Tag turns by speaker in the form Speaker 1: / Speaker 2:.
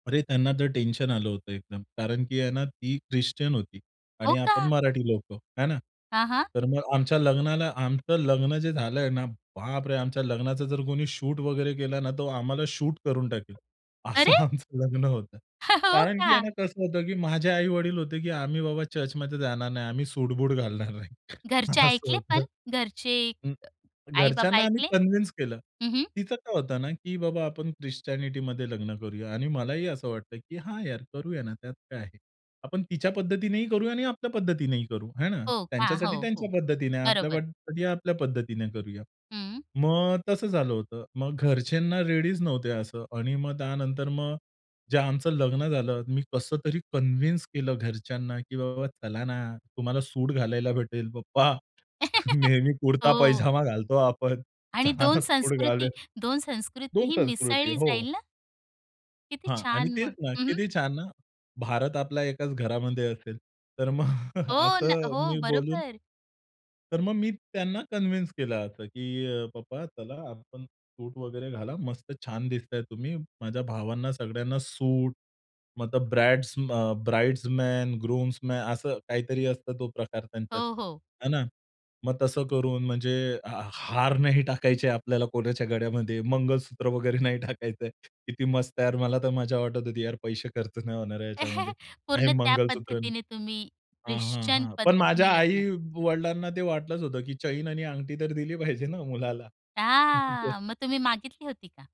Speaker 1: अरे, त्यांना तर टेन्शन आलं होतं एकदम कारण, की आहे ना, ती ख्रिश्चन होती
Speaker 2: हो
Speaker 1: आणि आपण
Speaker 2: का?
Speaker 1: मराठी लोकं, आहे ना.
Speaker 2: हां, हां.
Speaker 1: तर मग आमच्या लग्नाला, आमचं लग्न जे झालंय ना बापरे, आमच्या लग्नाचा जर कोणी शूट वगैरे केला ना, तर आम्हाला शूट करून टाकेल असं
Speaker 2: अरे!
Speaker 1: आमचं लग्न होतं.
Speaker 2: हो
Speaker 1: कारण,
Speaker 2: का?
Speaker 1: की ना, कसं होतं, की माझे आई-वडील होते, की आम्ही बाबा चर्चमध्ये जाणार नाही. आम्ही सूट-बूट घालणार नाही.
Speaker 2: घरचे
Speaker 1: असं
Speaker 2: ऐकले पण,
Speaker 1: होतं.
Speaker 2: घरचे
Speaker 1: हं.
Speaker 2: आई-बाबा
Speaker 1: घरच्यांना आम्ही
Speaker 2: ऐकले?
Speaker 1: कन्विंस केलं.
Speaker 2: हं, हं.
Speaker 1: तिचं काय होतं ना, की बाबा आपण ख्रिश्चनिटीमध्ये लग्न करूया आणि मलाही असं वाटतं, की हां, यार, करूया ना, त्यात काय आहे. आपण तिच्या पद्धतीनेही करूया आणि आपल्या पद्धतीनेही करू आहे ना.
Speaker 2: हो का?
Speaker 1: त्यांच्यासाठी
Speaker 2: हो,
Speaker 1: त्यांच्या
Speaker 2: हो.
Speaker 1: पद्धतीने,
Speaker 2: बरोबर.
Speaker 1: आपल्यासाठी आपल्या पद्धतीने करूया.
Speaker 2: हं.
Speaker 1: मग तसं झालं होतं. मग घरचे ना रेडीच नव्हते असं आणि मग त्यानंतर मग जे आमचं लग्न झालं मी कसं तरी कन्विंस केलं घरच्यांना. की बाबा चला ना तुम्हाला सूट घालायला भेटेल पप्पा, नेहमी
Speaker 2: हो.
Speaker 1: कुर्ता-पैजामा घालतो आपण,
Speaker 2: आणि
Speaker 1: चला
Speaker 2: 2
Speaker 1: ना सूट
Speaker 2: संस्कृती
Speaker 1: घालूया.
Speaker 2: 2
Speaker 1: 2
Speaker 2: संस्कृतीही
Speaker 1: संस्कृती,
Speaker 2: मिसळली
Speaker 1: हो.
Speaker 2: जाईल ना? किती
Speaker 1: हां आणि
Speaker 2: छान
Speaker 1: तेच
Speaker 2: मग.
Speaker 1: ना
Speaker 2: हं, हं.
Speaker 1: किती छान ना, भारत आपला 1 घरामध्ये असेल. तर मग.
Speaker 2: हो ना,
Speaker 1: असं
Speaker 2: हो,
Speaker 1: मी बोलून
Speaker 2: बरोबर.
Speaker 1: तर मग मी त्यांना कन्विंस केलं असं, की अ, पप्पा चला आपण, सूट वगैरे घाला. मस्त छान दिसताय तुम्ही. माझ्या भावांना सगळ्यांना सूट मग ब्राइड्स अ, ब्राइड्स मॅन, ग्रूम्सन मॅ असं काहीतरी असतं तो प्रकार त्यांच्यात,
Speaker 2: हो, हो.
Speaker 1: आहे ना. मग तसं करून म्हणजे हा हार नाही टाकायचे आपल्याला कोणाच्या गळ्यामध्ये, मंगळसूत्र वगैरे नाही टाकायचंय. किती मस्त आहे यार, मला तर मज्जा वाटत होती. यार पैसे खर्च नाही होणार आहे याच्यामध्ये आणि
Speaker 2: पूर्ण त्या
Speaker 1: मंगळसूत्र नाही.
Speaker 2: पद्धतीने तुम्ही,
Speaker 1: हां, हां,
Speaker 2: ख्रिश्चन
Speaker 1: हां. पण
Speaker 2: पद्धतीने
Speaker 1: माझ्या
Speaker 2: लग्न.
Speaker 1: आई-वडिलांना ते वाटलंच होतं, की चैन आणि अंगठी तर दिली पाहिजे ना मुलाला.
Speaker 2: [unintelligible] मग तुम्ही मागितली होती का?